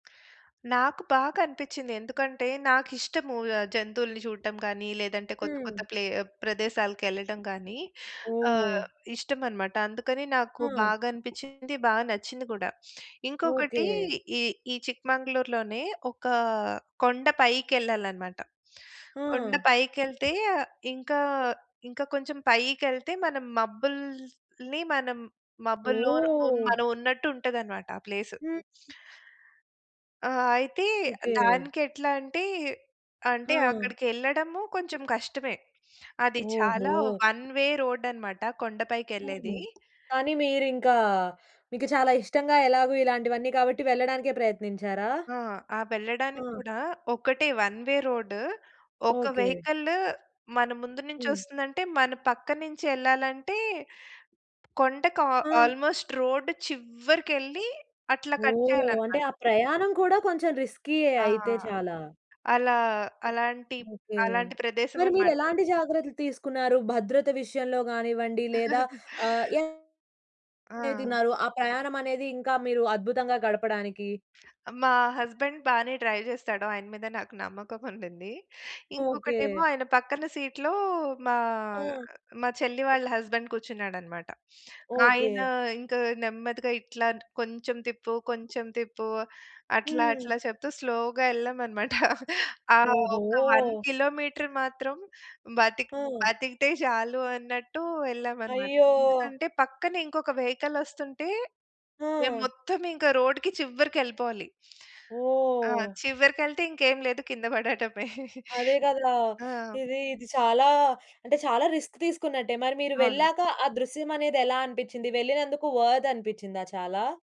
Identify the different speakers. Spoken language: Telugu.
Speaker 1: నాకు బాగా అనిపిచ్చింది. ఎందుకంటే నాకిష్టము. ఆహ్, జంతువులని జూడటం గానీ, లేదంటే కొత్త, కొత్త
Speaker 2: హ్మ్.
Speaker 1: ప్లే ప్రదేశాలకెళ్ళటం గానీ. ఆహ్,
Speaker 2: ఓహ్!
Speaker 1: ఇష్టమనమాట. అందుకని నాకు
Speaker 2: ఆ!
Speaker 1: బాగా అనిపిచ్చింది. బా నచ్చింది గూడా. ఇంకొకటి
Speaker 2: ఓకే.
Speaker 1: ఈ ఈ చిక్‌మంగళూరు‌లోనే ఒక కొండ పైకి ఎళ్ళాలనమాట.
Speaker 2: ఆ!
Speaker 1: కొండ పైకెళ్తే ఇంకా ఇంకా కొంచెం పైకెళ్తే మనం మబ్బుల్ని మనం మబ్బుల్లోను హ్మ్
Speaker 2: ఓహ్!
Speaker 1: మనం ఉన్నట్టు ఉంటదనమాట ఆ ప్లేసు.
Speaker 2: హ్మ్. హ్మ్.
Speaker 1: ఆ! అయితే
Speaker 2: ఓకే.
Speaker 1: దానికి ఎట్లా అంటే, అంటే
Speaker 2: ఆ!
Speaker 1: అక్కడికెళ్ళడము కొంచెం కష్టమే. అది చాలా
Speaker 2: ఓహో!
Speaker 1: వన్‌వే రోడ్ అనమాట. కొండ పైకెళ్ళేది.
Speaker 2: హుహు. కానీ మీరింకా మీకు చాలా ఇష్టంగా ఎలాగూ ఇలాంటివన్నీ. కాబట్టి వెళ్ళడానికే ప్రయత్నించారా?
Speaker 1: ఆ! ఆ వెళ్ళడానికి
Speaker 2: ఆ!
Speaker 1: కూడా ఒకటే వన్‌వే రోడ్. ఒక
Speaker 2: ఓకే.
Speaker 1: వెహికల్ మన ముందు
Speaker 2: హ్మ్.
Speaker 1: నుంచొస్తుందంటే, మన పక్క నుంచి ఎళ్ళాలంటే, కొండకు ఆ
Speaker 2: ఆ!
Speaker 1: ఆల్‌మోస్ట్ రోడ్ చివ్వరికెళ్లి అట్లా కట్
Speaker 2: ఓహ్! అంటే
Speaker 1: చేయాలనమాట.
Speaker 2: ఆ ప్రయాణం కూడా కొంచెం రిస్కీ‌యే
Speaker 1: ఆ!
Speaker 2: అయితే చాలా.
Speaker 1: అలా అలాంటి
Speaker 2: ఓకే.
Speaker 1: అలాంటి
Speaker 2: మరి మీరు
Speaker 1: ప్రదేశమనమాట.
Speaker 2: ఎలాంటి జాగ్రత్తలు తీసుకున్నారు? భద్రత విషయంలో గానివ్వండి, లేదా ఆహ్, ఏ ఏ
Speaker 1: ఆ!
Speaker 2: తిన్నారు ఆ ప్రయాణమనేది ఇంకా మీరు అద్భుతంగా గడపడానికి?
Speaker 1: మా హస్బెండ్ బానే డ్రైవ్ జేస్తాడు. ఆయన మీద నాకు నమ్మకం ఉండింది.
Speaker 2: ఓకే.
Speaker 1: ఇంకొకటేమో ఆయన పక్కన సీట్‌లో మా
Speaker 2: ఆ!
Speaker 1: మా చెల్లి
Speaker 2: ఆ!
Speaker 1: వాళ్ళ హస్బెండ్ కూర్చున్నాడన్నమాట. ఆయన
Speaker 2: ఓకే.
Speaker 1: ఇంక నెమ్మదిగా ఇట్లాంట్ కొంచెం తిప్పు, కొంచెం తిప్పు, అట్లా,
Speaker 2: హ్మ్.
Speaker 1: అట్లా చెప్తూ స్లోగా ఎళ్ళామమాట. ఆహ్, ఒక్క వన్
Speaker 2: ఓహో!
Speaker 1: కిలోమీటర్ మాత్రం బతిక్
Speaker 2: ఆ!
Speaker 1: బతికితే జాలు అన్నట్టు వెళ్ళామనమాట.
Speaker 2: అయ్యో!
Speaker 1: ఎందుకంటే పక్కన ఇంకొక వెహికలొస్తుంటే, మేము
Speaker 2: ఆ!
Speaker 1: మొత్తం ఇంకా రోడ్‌కి చివ్వరికెళ్ళిపోవాలి. ఆ!
Speaker 2: ఓహ్!
Speaker 1: చివ్వరికెళ్తే ఇంకేం లేదు కింద పడటమే.
Speaker 2: అదే గదా!
Speaker 1: ఆ!
Speaker 2: ఇది, ఇది చాలా, అంటే చాలా రిస్క్ తీసుకున్నట్టే. మరి మీరు
Speaker 1: అవును.
Speaker 2: వెళ్ళాక ఆ దృశ్యమనేది ఎలా అనిపిచ్చింది? వెళ్ళినందుకు వర్త్ అనిపించిందా చాలా?